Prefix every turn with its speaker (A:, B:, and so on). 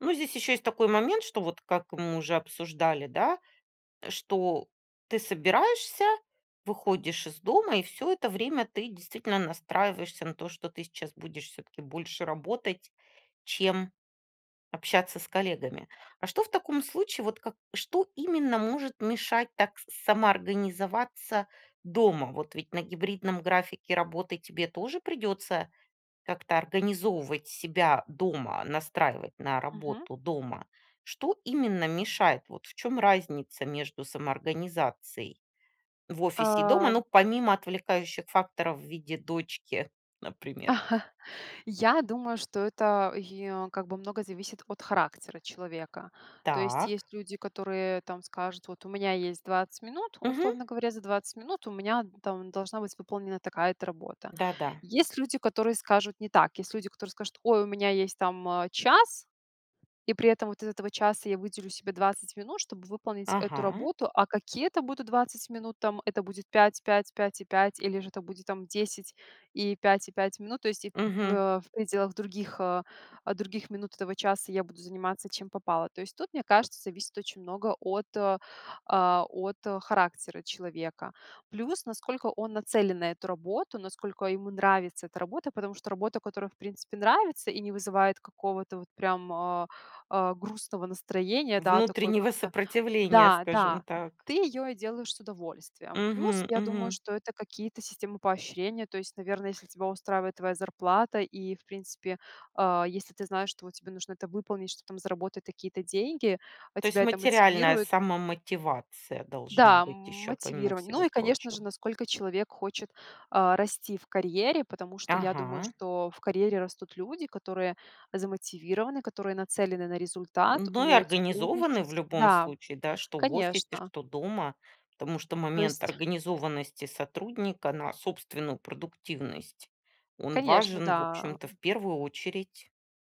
A: Ну, здесь ещё есть такой момент, что вот, как мы уже обсуждали, да, что ты собираешься, выходишь из дома, и всё это время ты действительно настраиваешься на то, что ты сейчас будешь всё-таки больше работать, чем общаться с коллегами. А что в таком случае, вот как что именно может мешать так с самоорганизоваться дома? Вот ведь на гибридном графике работы тебе тоже придётся как-то организовывать себя дома, настраивать на
B: Мгм.
A: работу дома. Что именно мешает? Вот в чём разница между самоорганизацией в офисе и дома? Ну,
B: Ам
A: помимо отвлекающих факторов в виде дочки, например.
B: Я думаю, что это, йе как бы много зависит от характера человека. То есть
A: Так.
B: есть люди, которые там скажут: "Вот у меня есть 20 минут,
A: Мгм.
B: условно говоря, за 20 минут у меня, н там должна быть выполнена такая-то работа".
A: Да, да.
B: Есть люди, которые скажут не так. Есть люди, которые скажут: "Ой, у меня есть там, а, час, и при этом вот из этого часа я выделю себе 20 минут, чтобы выполнить эту
A: Ага.
B: работу". А какие это будут 20 минут? Там это будет 5, 5, 5 и 5, или же это будет там 10 и 5 и 5 минут. То есть и в
A: Мгм.
B: вя в пределах других, а, а других минут этого часа я буду заниматься чем попало. То есть тут, мне кажется, зависит очень много от, а, а, от, э, характера человека. Плюс, насколько он нацелен на эту работу, насколько ему нравится эта работа, потому что работа, которая, в принципе, нравится и не вызывает какого-то вот прям, а, а, грустного настроения, да, такой
A: Внутреннего
B: как-то,
A: сопротивления,
B: да
A: скажем
B: да,
A: так.
B: ты её и делаешь с удовольствием. Плюс,
A: Мгм.
B: я думаю,
A: Мгм.
B: что это какие-то системы поощрения. То есть, наверное, если тебя устраивает твоя зарплата и, в принципе, а, если ты знаешь, что вот тебе нужно это выполнить, чтоб там заработать такие-то деньги, а
A: То есть
B: тебя это
A: материальная
B: мотивирует
A: самомотивация должна
B: Да,
A: быть ещё помимо
B: мотивирование.
A: всего
B: Ну и, конечно же,
A: прочего?
B: насколько человек хочет, а, расти в карьере, потому что я думаю,
A: Ага.
B: что в карьере растут люди, которые замотивированы, которые нацелены на результат,
A: Ну и
B: умеют
A: организованы в
B: сотрудничать
A: любом
B: Да,
A: случае, да, что в офисе,
B: конечно.
A: что дома. Потому что
B: То
A: момент
B: есть
A: организованности сотрудника на собственную продуктивность, он
B: Конечно,
A: важен, в
B: да,
A: общем-то, в
B: м.
A: первую очередь.